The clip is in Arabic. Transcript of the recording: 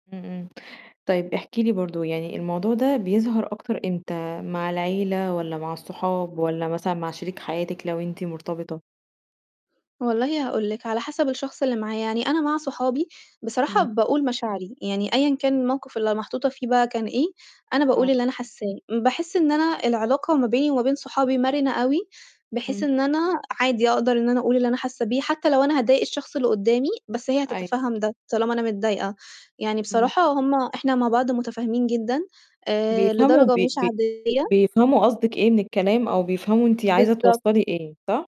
إمم، إمم. طيب احكي لي برضه يعني الموضوع ده بيظهر أكتر إمتى مع العيلة والَّا مع الصحاب والَّا مثلًا مع شريك حياتِك لو أنتِ مرتبطة؟ والله هاقول لِك على حسب الشخص اللي معايا، يعني أنا مع صحابي بصراحة إمم. باقول مشاعري، يعني أيًا كان الموقِف اللي محطوطة فيه بقى كان إيه، أنا باقول آه. اللي أنا حاسّاه. باحس إن أنا العلاقة ما بيني وما بين صحابي مَرِنة أوي بحيث إمم. إن أنا عادي أقدر إن أنا أقول اللي أنا حاسّة بيه، حتى لو أنا هاضايق الشخص اللي قُدّامي، بس هي أيوه. هتتفهّم ده طالما أنا متضايقة، يعني إمم. بصراحة هم إحنا مع بعض مُتفاهمين جدًا آآ، بيفهموا لدرجة بي مش بي عادية. بيفهموا قصدِك إيه من الكلام أو بيفهموا أنتِ عايزة بالضبط. توصّلي إيه صح؟